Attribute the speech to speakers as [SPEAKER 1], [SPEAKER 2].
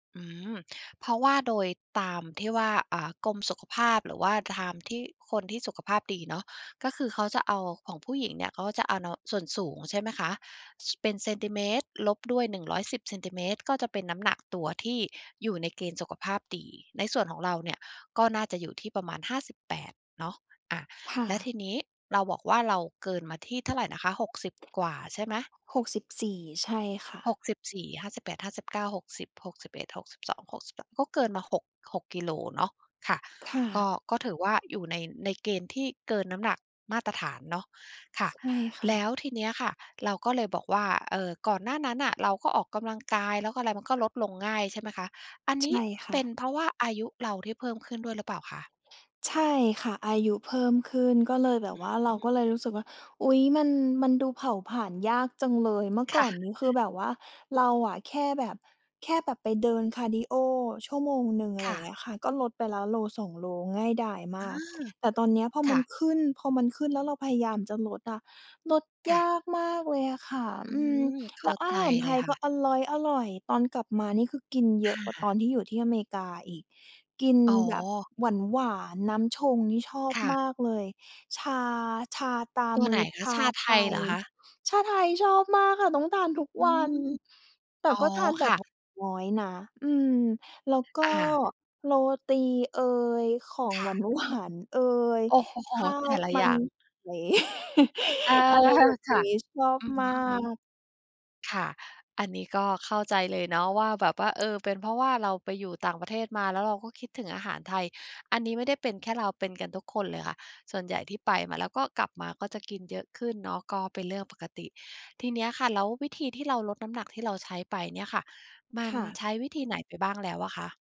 [SPEAKER 1] อืม เพราะว่าโดยตามที่ว่า อ่า กรมสุขภาพ หรือว่าตาม ที่คนที่สุขภาพดีเนาะ ก็คือเขาจะเอาของผู้หญิงเนี่ย เขาจะเอา น ส่วนสูงใช่ไหมคะ ส เป็นเซนติเมตร ลบด้วย 110 เซนติเมตร ก็จะเป็นน้ำหนักตัวที่อยู่ในเกณฑ์สุขภาพดี ในส่วนของเราเนี่ยก็น่าจะอยู่ที่ประมาณ 58 เนาะ อ่า
[SPEAKER 2] ค่
[SPEAKER 1] แล้ว
[SPEAKER 2] ะ
[SPEAKER 1] ทีนี้เราบอกว่าเราเกินมาที่เท่าไรนะคะ 60 กว่าใช่ไหม?
[SPEAKER 2] 64 ใช่ค่ะ
[SPEAKER 1] 64, 58, 59, 60, 61, 62, 63 ก็เกินมา 6- 6 กิโลเนาะ ค่ะ
[SPEAKER 2] ค่
[SPEAKER 1] ก็
[SPEAKER 2] ะ
[SPEAKER 1] ก็ถือว่าอยู่ใน ในเกณฑ์ที่เกินน้ำหนักมาตรฐานเนาะ ค่ะ
[SPEAKER 2] ใช่ค่
[SPEAKER 1] แล้
[SPEAKER 2] ะ
[SPEAKER 1] วทีเนี้ยค่ะเราก็เลยบอกว่า เอ่อ ก่อนหน้านั้นน่ะ เราก็ออกกำลังกาย แล้วก็อะไรมันก็ลดลงง่ายใช่ไหมคะ อันน
[SPEAKER 2] ใช
[SPEAKER 1] ี้
[SPEAKER 2] ่ค
[SPEAKER 1] เ
[SPEAKER 2] ่
[SPEAKER 1] ป็น
[SPEAKER 2] ะ
[SPEAKER 1] เพราะว่าอายุเราที่เพิ่มขึ้นด้วยหรือเปล่าคะ?
[SPEAKER 2] ใช่ค่ะ อายุเพิ่มขึ้น ก็เลยแบ
[SPEAKER 1] อ
[SPEAKER 2] บว่า เร
[SPEAKER 1] ื
[SPEAKER 2] าก็
[SPEAKER 1] อ
[SPEAKER 2] เลยรู้สึกว่า อุ๊ย มัน มันดูเผาผลาญยากจังเลย เมื่อ
[SPEAKER 1] ค
[SPEAKER 2] ก
[SPEAKER 1] ่
[SPEAKER 2] ่อน
[SPEAKER 1] ะ
[SPEAKER 2] นี้คือแบบว่าเราอะแค่แบบ แค่แบบไปเดินคาร์ดีโอชั่วโมงหนึ่ง อะไ
[SPEAKER 1] ค
[SPEAKER 2] รอ
[SPEAKER 1] ่
[SPEAKER 2] ย่า
[SPEAKER 1] ะ
[SPEAKER 2] งเงี้ยค่ะ ก็ลดไป แล้วโล 2 โล ง่ายดาย
[SPEAKER 1] เ
[SPEAKER 2] ม
[SPEAKER 1] อ
[SPEAKER 2] าก
[SPEAKER 1] อ
[SPEAKER 2] แต่ตอนเนี้ยพอ
[SPEAKER 1] ค
[SPEAKER 2] ม
[SPEAKER 1] ่
[SPEAKER 2] ัน
[SPEAKER 1] ะ
[SPEAKER 2] ขึ้น พอมันขึ้นแล้วเราพยายามจะลดอะ ลด
[SPEAKER 1] ค
[SPEAKER 2] ย
[SPEAKER 1] ่ะ
[SPEAKER 2] ากมากเลยอะค่ะ
[SPEAKER 1] อื
[SPEAKER 2] อืม
[SPEAKER 1] ม เข
[SPEAKER 2] แล
[SPEAKER 1] ้
[SPEAKER 2] ้
[SPEAKER 1] า
[SPEAKER 2] วอ
[SPEAKER 1] ใ
[SPEAKER 2] า
[SPEAKER 1] จ
[SPEAKER 2] หารไ
[SPEAKER 1] เล
[SPEAKER 2] ท
[SPEAKER 1] ย
[SPEAKER 2] ย
[SPEAKER 1] ค่
[SPEAKER 2] ก
[SPEAKER 1] ะ
[SPEAKER 2] ็อร่อย ๆ ตอนกลับมา นี่คือกินเย
[SPEAKER 1] ค
[SPEAKER 2] อะกว่า
[SPEAKER 1] ่
[SPEAKER 2] ตอ
[SPEAKER 1] ะ
[SPEAKER 2] นที่อยู่ที่อเมริกา อีก กิน
[SPEAKER 1] อ๋
[SPEAKER 2] แบบ
[SPEAKER 1] อ
[SPEAKER 2] หวาน ๆ น้ำชงนี่ชอบ
[SPEAKER 1] ค่
[SPEAKER 2] ม
[SPEAKER 1] ะ
[SPEAKER 2] ากเลย ชา ชาตรา
[SPEAKER 1] ตัว
[SPEAKER 2] ม
[SPEAKER 1] ไห
[SPEAKER 2] ื
[SPEAKER 1] น
[SPEAKER 2] อ
[SPEAKER 1] ค
[SPEAKER 2] ช
[SPEAKER 1] ะ
[SPEAKER 2] า
[SPEAKER 1] ชาไท
[SPEAKER 2] ไท
[SPEAKER 1] ยเหร
[SPEAKER 2] ย
[SPEAKER 1] อคะ?
[SPEAKER 2] ชาไทยชอบมากค่ะ ต้องทานทุก
[SPEAKER 1] อื
[SPEAKER 2] วั
[SPEAKER 1] ม
[SPEAKER 2] น แต
[SPEAKER 1] อ
[SPEAKER 2] ่
[SPEAKER 1] ๋อ
[SPEAKER 2] ก็ทานแบ
[SPEAKER 1] ค่
[SPEAKER 2] บ
[SPEAKER 1] ะ
[SPEAKER 2] หวานน้อยนะ อืม แล้วก็
[SPEAKER 1] อา
[SPEAKER 2] โรตีเอย ของ
[SPEAKER 1] ค่
[SPEAKER 2] ห
[SPEAKER 1] ะ
[SPEAKER 2] วาน ๆ เอย
[SPEAKER 1] โอ้โฮ โฮ
[SPEAKER 2] ข้า
[SPEAKER 1] แต
[SPEAKER 2] ว
[SPEAKER 1] ่ละ
[SPEAKER 2] ม
[SPEAKER 1] อ
[SPEAKER 2] ั
[SPEAKER 1] ย่
[SPEAKER 2] น
[SPEAKER 1] าง
[SPEAKER 2] ไก่
[SPEAKER 1] เออ
[SPEAKER 2] อะไรแบบ
[SPEAKER 1] ค
[SPEAKER 2] น
[SPEAKER 1] ่
[SPEAKER 2] ี
[SPEAKER 1] ะ
[SPEAKER 2] ้ชอบ
[SPEAKER 1] อือฮ
[SPEAKER 2] มา
[SPEAKER 1] ึ
[SPEAKER 2] ก
[SPEAKER 1] ๆ ค่ะ อันนี้ก็เข้าใจเลยเนาะว่า แบบว่า เอ่อ เป็นเพราะว่าเราไปอยู่ต่างประเทศมา แล้วเราก็คิดถึงอาหารไทย อันนี้ไม่ได้เป็นแค่เรา เป็นกันทุกคนเลยค่ะ ส่วนใหญ่ที่ไปมาแล้ว ก็กลับมาก็จะกินเยอะขึ้นเนาะ ก็เป็นเรื่องปกติ ทีเนี้ยค่ะ แล้ววิธีที่เราลดน้ำหนักที่เราใช้ไปเนี่ยค่ะ มั
[SPEAKER 2] ค
[SPEAKER 1] น
[SPEAKER 2] ่ะ
[SPEAKER 1] ใช้วิธีไหนไปบ้างแล้วอะคะ?